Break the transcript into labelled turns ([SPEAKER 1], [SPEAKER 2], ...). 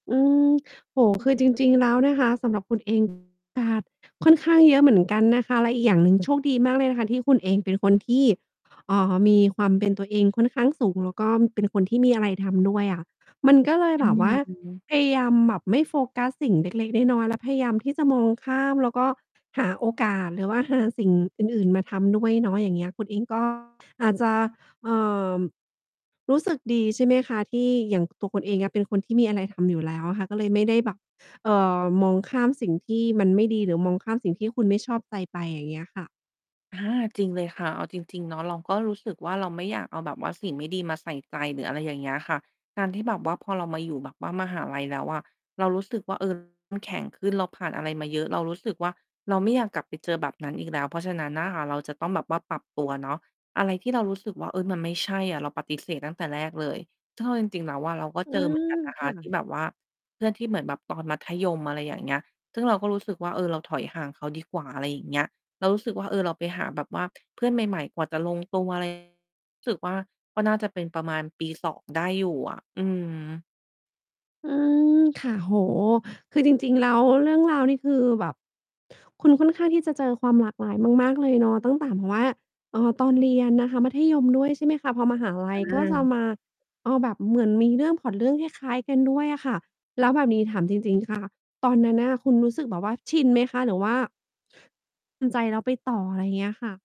[SPEAKER 1] อืม โอ้โฮ คือจริง ๆ แล้วเนี่ยคะ สำหรับคุณ เอง นะคะ ค่อนข้างเยอะเหมือนกันนะคะ และอีกอย่างหนึ่ง โชคดีมากเลยนะคะที่คุณเองเป็นคนที่ เอ่อ มีความ เป็น ตัวเองค่อนข้างสูง แล้วก็เป็นคนที่มีอะไรทำด้วยอะ มันก็เลย
[SPEAKER 2] อื
[SPEAKER 1] แบบว่า
[SPEAKER 2] ม
[SPEAKER 1] พยายามแบบไม่โฟกัสสิ่ง เล็ก ๆ น้อย ๆ แล้ว พยายาม ที่จะมองข้าม แล้วก็หาโอกาสหรือว่าหาสิ่งอื่น ๆ มาทำด้วยเนาะ อย่างเงี้ย คุณเอง ก็ อาจจะ เอ่อ รู้สึก ดี ใช่ไหมคะ? ที่อย่างตัวคุณเองอะเป็นคนที่มีอะไรทำอยู่แล้วอะค่ะ ก็เลยไม่ได้แบบ เอ่อ มองข้ามสิ่งที่มันไม่ดี หรือมองข้ามสิ่งที่คุณไม่ชอบใจไป อย่างเงี้ยค่ะ
[SPEAKER 2] อา จริงเลยค่ะ เอาจริง ๆ เนาะ เราก็รู้สึกว่า เราไม่อยากเอาแบบว่าสิ่งไม่ดีมาใส่ใจหรือ อะไรอย่างเงี้ยค่ะ การที่แบบว่าพอเรามาอยู่แบบว่ามหาลัยแล้วอะ เรารู้สึกว่า เออ เข้มแข็งขึ้น เราผ่านอะไรมาเยอะ เรารู้สึกว่า เราไม่อยากกลับไปเจอแบบนั้นอีกแล้ว เพราะฉะนั้นน่ะค่ะ เราจะต้องแบบว่าปรับตัวเนาะ อะไรที่เรารู้สึกว่า เอ๊ย มันไม่ใช่อะ เราปฏิเสธตั้งแต่แรกเลย ซึ่งเอาจริง ๆ แล้วอะเราก็
[SPEAKER 1] อื
[SPEAKER 2] เจอ เหม
[SPEAKER 1] ม
[SPEAKER 2] ือนกันนะ
[SPEAKER 1] ค
[SPEAKER 2] ค
[SPEAKER 1] ่
[SPEAKER 2] ะ ที่
[SPEAKER 1] ะ
[SPEAKER 2] แบบว่า เพื่อนที่เหมือนแบบตอนมัธยม อะไรอย่างเงี้ย ซึ่งเราก็รู้สึกว่า เออ เราถอยห่างเขาดีกว่า อะไรอย่างเงี้ย เรารู้สึกว่า เออ เราไปหาแบบว่าเพื่อนใหม่ ๆ กว่าจะลงตัว ไร รู้สึกว่า ก็น่าจะเป็นประมาณปี 2 ได้อยู่อะ อืม
[SPEAKER 1] อืม ค่ะ โอ้โฮ คือจริง ๆ แล้วเรื่องราวนี่คือแบบ คุณค่อนข้างที่จะเจอความหลากหลายมาก ๆ เลยเนาะ ตั้งแต่แบบว่า เอ่อ ตอนเรียนนะคะ มัธยม ด้วย ใช่ไหมคะ? พอมหาลั
[SPEAKER 2] อ
[SPEAKER 1] ยก็จะ
[SPEAKER 2] า
[SPEAKER 1] มา เอาแบบเหมือนมีเรื่อง พล็อตเรื่องคล้าย ๆ กันด้วยอะค่ะ แล้วแบบนี้ถามจริง ๆ ค่ะ ตอนนั้นน่ะ คุณรู้สึกแบบว่าชินไหมคะ? หรือว่า ทำใจแล้วไปต่อ? อะไรเงี้ยค่ะ